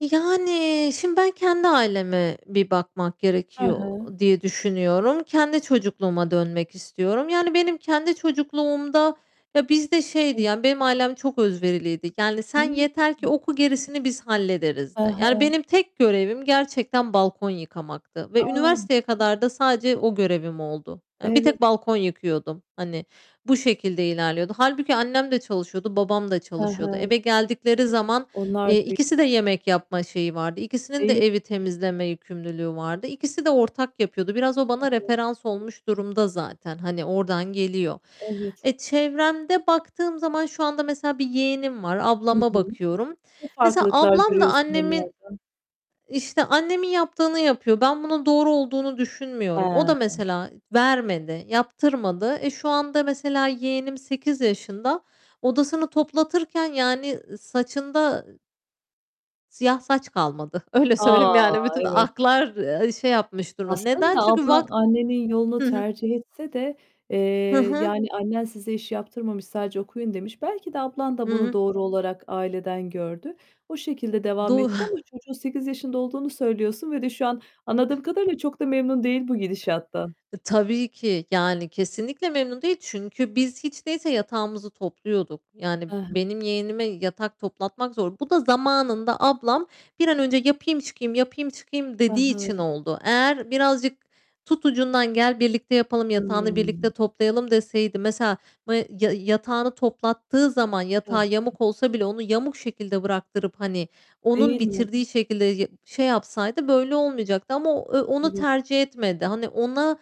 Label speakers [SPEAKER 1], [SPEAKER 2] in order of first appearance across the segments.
[SPEAKER 1] Yani, şimdi ben kendi aileme bir bakmak
[SPEAKER 2] Hı
[SPEAKER 1] gerekiyor
[SPEAKER 2] hı.
[SPEAKER 1] diye düşünüyorum. Kendi çocukluğuma dönmek istiyorum. Yani benim kendi çocukluğumda ya, bizde şeydi,
[SPEAKER 2] Hı.
[SPEAKER 1] ya, benim ailem çok özveriliydi. Yani, "Sen yeter ki
[SPEAKER 2] [unintelligible]
[SPEAKER 1] oku, gerisini biz
[SPEAKER 2] Hı
[SPEAKER 1] hallederiz."di. Yani
[SPEAKER 2] hı.
[SPEAKER 1] benim tek görevim gerçekten balkon yıkamaktı ve
[SPEAKER 2] A!
[SPEAKER 1] üniversiteye kadar da sadece o görevim oldu. Yani bir
[SPEAKER 2] Evet.
[SPEAKER 1] tek balkon yıkıyordum, hani, bu şekilde ilerliyordu. Hâlbuki annem de çalışıyordu, babam da
[SPEAKER 2] Hı
[SPEAKER 1] çalışıyordu.
[SPEAKER 2] hı.
[SPEAKER 1] Eve geldikleri zaman,
[SPEAKER 2] Onlar
[SPEAKER 1] eee,
[SPEAKER 2] de
[SPEAKER 1] ikisi de yemek yapma şeyi vardı. İkisinin
[SPEAKER 2] Deği
[SPEAKER 1] de evi temizleme yükümlülüğü vardı. İkisi de ortak yapıyordu. Biraz o bana
[SPEAKER 2] Hı hı.
[SPEAKER 1] referans olmuş durumda zaten, hani, oradan geliyor.
[SPEAKER 2] Evet.
[SPEAKER 1] Eee, çevremde baktığım zaman şu anda mesela bir yeğenim var,
[SPEAKER 2] Hı
[SPEAKER 1] ablama
[SPEAKER 2] hı.
[SPEAKER 1] bakıyorum.
[SPEAKER 2] Ne
[SPEAKER 1] Mesela
[SPEAKER 2] farklılıklar
[SPEAKER 1] ablam da
[SPEAKER 2] görüyorsun
[SPEAKER 1] annemin
[SPEAKER 2] onlarda?
[SPEAKER 1] işte, annemin yaptığını yapıyor. Ben bunun doğru olduğunu düşünmüyorum. O da
[SPEAKER 2] He.
[SPEAKER 1] mesela vermedi, yaptırmadı. Eee, şu anda mesela yeğenim 8 yaşında, odasını toplatırken yani, ııı, saçında siyah saç kalmadı. Öyle
[SPEAKER 2] A!
[SPEAKER 1] söyleyeyim, yani bütün
[SPEAKER 2] Evet.
[SPEAKER 1] aklar, eee, şey yapmış durumda. Neden?
[SPEAKER 2] Aslında
[SPEAKER 1] Çünkü
[SPEAKER 2] ablan
[SPEAKER 1] vak ı
[SPEAKER 2] annenin yolunu
[SPEAKER 1] Hı hı
[SPEAKER 2] tercih etse de, eee,
[SPEAKER 1] Hı hı.
[SPEAKER 2] yani annen size iş yaptırmamış, "Sadece okuyun." demiş. Belki de ablan
[SPEAKER 1] Hı
[SPEAKER 2] da bunu
[SPEAKER 1] hı.
[SPEAKER 2] doğru olarak aileden gördü. O şekilde devam
[SPEAKER 1] Doğ
[SPEAKER 2] etti ama çocuğun 8 yaşında olduğunu söylüyorsun ve de şu an anladığım kadarıyla çok da memnun değil bu gidişattan.
[SPEAKER 1] E, tabii ki. Yani kesinlikle memnun değil. Çünkü biz hiç değilse yatağımızı topluyorduk. Yani
[SPEAKER 2] I hı.
[SPEAKER 1] benim yeğenime yatak toplatmak zor. Bu da zamanında ablam, "Bir an önce yapayım, çıkayım; yapayım, çıkayım."
[SPEAKER 2] I
[SPEAKER 1] dediği için
[SPEAKER 2] hı.
[SPEAKER 1] oldu. Eğer birazcık, "Tut ucundan, gel birlikte yapalım, yatağını birlikte
[SPEAKER 2] Hıı.
[SPEAKER 1] toplayalım." deseydi mesela ma ya yatağını toplattığı zaman
[SPEAKER 2] Hı
[SPEAKER 1] yatağı
[SPEAKER 2] hı.
[SPEAKER 1] yamuk olsa bile onu yamuk şekilde bıraktırıp, hani, onun
[SPEAKER 2] Değil mi?
[SPEAKER 1] bitirdiği şekilde ye şey yapsaydı böyle olmayacaktı ama o, eee, onu
[SPEAKER 2] Evet.
[SPEAKER 1] tercih etmedi. Hani, ona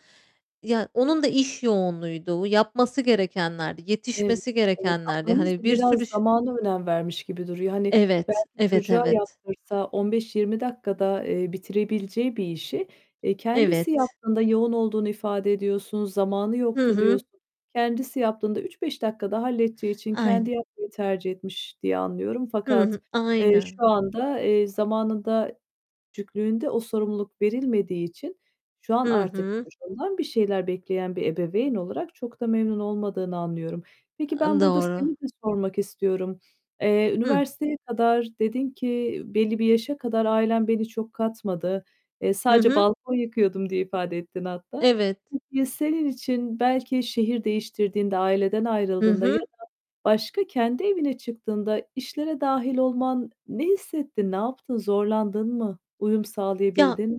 [SPEAKER 1] Ya, onun da iş yoğunluğuydu. Yapması gerekenlerdi,
[SPEAKER 2] Ev
[SPEAKER 1] yetişmesi
[SPEAKER 2] evet.
[SPEAKER 1] gerekenlerdi.
[SPEAKER 2] Ablanız
[SPEAKER 1] Hani,
[SPEAKER 2] da
[SPEAKER 1] bir
[SPEAKER 2] biraz
[SPEAKER 1] sürü ş
[SPEAKER 2] zamana önem vermiş gibi duruyor. Hani,
[SPEAKER 1] Evet.
[SPEAKER 2] belki
[SPEAKER 1] Evet,
[SPEAKER 2] çocuğa
[SPEAKER 1] evet.
[SPEAKER 2] yaptırsa 15-20 dakikada, eee, bitirebileceği bir işi, eee, kendisi
[SPEAKER 1] Evet.
[SPEAKER 2] yaptığında -yoğun olduğunu ifade ediyorsun, zamanı
[SPEAKER 1] Hı
[SPEAKER 2] yoktu
[SPEAKER 1] hı.
[SPEAKER 2] diyorsun kendisi yaptığında 3-5 dakikada halledeceği için kendi
[SPEAKER 1] Ayne
[SPEAKER 2] yapmayı tercih etmiş diye anlıyorum.
[SPEAKER 1] Hı
[SPEAKER 2] Fakat,
[SPEAKER 1] hı.
[SPEAKER 2] eee,
[SPEAKER 1] Aynen.
[SPEAKER 2] şu anda, eee, zamanında, küçüklüğünde o sorumluluk verilmediği için şu an
[SPEAKER 1] Hı
[SPEAKER 2] artık
[SPEAKER 1] hı.
[SPEAKER 2] çocuğundan bir şeyler bekleyen bir ebeveyn olarak çok da memnun olmadığını anlıyorum. Peki
[SPEAKER 1] A,
[SPEAKER 2] ben burada
[SPEAKER 1] doğru.
[SPEAKER 2] seni de sormak istiyorum. Eee,
[SPEAKER 1] Hı.
[SPEAKER 2] üniversiteye kadar dedin ki "Belli bir yaşa kadar ailem beni çok katmadı. Eee,
[SPEAKER 1] Hı
[SPEAKER 2] sadece
[SPEAKER 1] hı.
[SPEAKER 2] balkon yıkıyordum." diye ifade ettin hatta.
[SPEAKER 1] Evet.
[SPEAKER 2] Peki ya, senin için belki şehir değiştirdiğinde, aileden
[SPEAKER 1] Hı
[SPEAKER 2] ayrıldığında ya
[SPEAKER 1] hı.
[SPEAKER 2] da başka, kendi evine çıktığında işlere dâhil olman ne hissettin, ne yaptın, zorlandın mı, uyum
[SPEAKER 1] Ya
[SPEAKER 2] sağlayabildin mi?